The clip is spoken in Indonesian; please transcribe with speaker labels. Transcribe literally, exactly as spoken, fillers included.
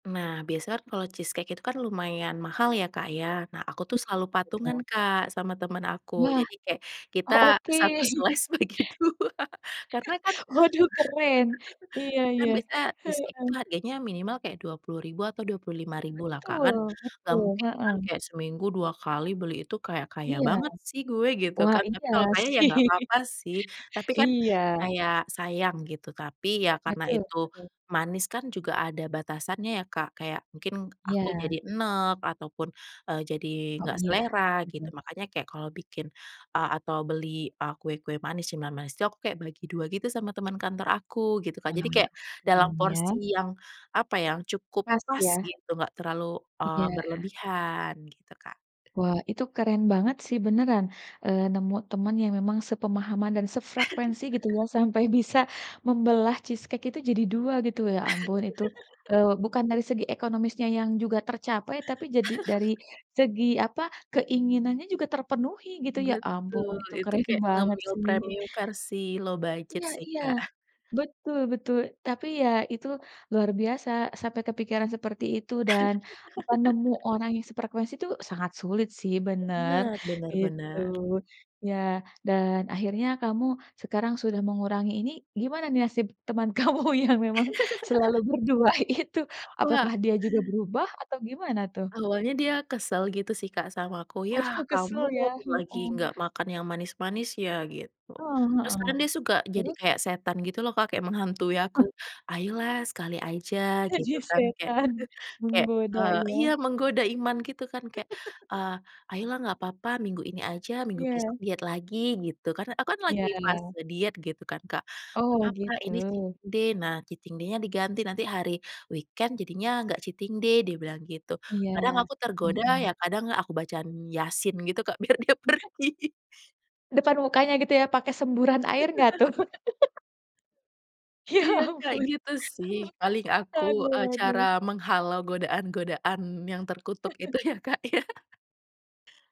Speaker 1: Nah biasanya kan kalau cheese cake itu kan lumayan mahal ya, Kak ya. Nah aku
Speaker 2: Iya
Speaker 1: tuh selalu patungan
Speaker 2: betul.
Speaker 1: Kak sama teman aku.
Speaker 2: Yah.
Speaker 1: Jadi kayak kita
Speaker 2: Oh
Speaker 1: satu
Speaker 2: oke.
Speaker 1: slice bagi dua karena kan
Speaker 2: Waduh keren, iya
Speaker 1: kan
Speaker 2: iya,
Speaker 1: biasanya cheese cake
Speaker 2: heeh.
Speaker 1: itu harganya minimal kayak dua puluh ribu atau dua puluh lima ribu lah Kak kan,
Speaker 2: Betul,
Speaker 1: gak
Speaker 2: betul,
Speaker 1: mungkin kan
Speaker 2: heeh.
Speaker 1: kayak seminggu dua kali beli itu, kayak kaya
Speaker 2: Iya.
Speaker 1: banget sih gue gitu
Speaker 2: Wah
Speaker 1: kan. Tapi
Speaker 2: iya
Speaker 1: kalau kaya ya
Speaker 2: sih.
Speaker 1: gak apa-apa sih. Tapi kan
Speaker 2: Iya.
Speaker 1: kayak sayang gitu. Tapi ya karena
Speaker 2: Betul
Speaker 1: itu
Speaker 2: betul.
Speaker 1: manis kan juga ada batasannya ya Kak, kayak mungkin aku
Speaker 2: Iya.
Speaker 1: jadi eneg ataupun, eee, jadi
Speaker 2: Oh
Speaker 1: gak
Speaker 2: iya,
Speaker 1: selera gitu,
Speaker 2: betul.
Speaker 1: makanya kayak kalau bikin, eee, atau beli, eee, kue-kue manis, cemilan manis itu aku kayak bagi dua gitu sama teman kantor aku, gitu kan, jadi
Speaker 2: Wah
Speaker 1: kayak
Speaker 2: keren
Speaker 1: dalam
Speaker 2: ya.
Speaker 1: porsi yang apa ya, yang cukup
Speaker 2: Pas
Speaker 1: pas
Speaker 2: ya.
Speaker 1: gitu, gak terlalu, eee,
Speaker 2: Iya.
Speaker 1: berlebihan gitu Kak.
Speaker 2: Wah itu keren banget sih beneran, eee, nemu teman yang memang sepemahaman dan sefrekuensi gitu ya, sampai bisa membelah cheese cake itu jadi dua gitu, ya ampun, itu, eee, bukan dari segi ekonomisnya yang juga tercapai, tapi jadi dari segi apa, keinginannya juga terpenuhi gitu ya, ampun
Speaker 1: Betul,
Speaker 2: itu
Speaker 1: itu
Speaker 2: keren
Speaker 1: kayak
Speaker 2: banget
Speaker 1: ngemil
Speaker 2: sih.
Speaker 1: premium versi low budget
Speaker 2: Iya
Speaker 1: sih
Speaker 2: iya.
Speaker 1: Kak.
Speaker 2: Betul betul, tapi ya itu luar biasa sampai kepikiran seperti itu, dan apa, nemu orang yang sefrekuensi tuh sangat sulit sih bener,
Speaker 1: Benar benar
Speaker 2: gitu.
Speaker 1: benar.
Speaker 2: Ya dan akhirnya kamu sekarang sudah mengurangi, ini gimana nih nasib teman kamu yang memang selalu berdua itu?
Speaker 1: Wah.
Speaker 2: Apakah dia juga berubah atau gimana tuh?
Speaker 1: Awalnya dia kesel gitu sih Kak sama aku,
Speaker 2: Waduh
Speaker 1: "Yah
Speaker 2: kesel
Speaker 1: kamu
Speaker 2: ya,
Speaker 1: lagi
Speaker 2: mhm.
Speaker 1: gak makan yang manis-manis ya?" gitu.
Speaker 2: Heeh
Speaker 1: Terus
Speaker 2: heeh,
Speaker 1: kan dia suka jadi
Speaker 2: terus?
Speaker 1: kayak setan gitu loh Kak, kayak menghantui aku, "Ayolah sekali aja,"
Speaker 2: Jadi
Speaker 1: gitu kan kayak
Speaker 2: setan,
Speaker 1: kayak,
Speaker 2: menggoda
Speaker 1: eee, iya
Speaker 2: iya.
Speaker 1: menggoda iman gitu kan kayak, eee, "Ayolah nggak apa-apa minggu ini aja, minggu besok
Speaker 2: Iya.
Speaker 1: diet lagi," gitu. Karena aku kan lagi
Speaker 2: Iya.
Speaker 1: fase diet gitu kan Kak, "Gak
Speaker 2: Oh
Speaker 1: papa ini cheating
Speaker 2: gitu.
Speaker 1: day, nah cheating day-nya diganti, nanti hari weekend jadinya gak cheating day," dia bilang gitu. Kadang
Speaker 2: Iya,
Speaker 1: aku tergoda, ya,
Speaker 2: mhm.
Speaker 1: kadang aku bacain Yasin gitu Kak biar dia
Speaker 2: [unintelligible]
Speaker 1: pergi.
Speaker 2: Depan mukanya gitu ya, pakai semburan air gak tuh? Ya
Speaker 1: Iya Kak
Speaker 2: ampun,
Speaker 1: gitu sih paling aku, eee,
Speaker 2: aduh
Speaker 1: cara
Speaker 2: aduh.
Speaker 1: menghalau godaan-godaan yang terkutuk itu ya, Kak ya.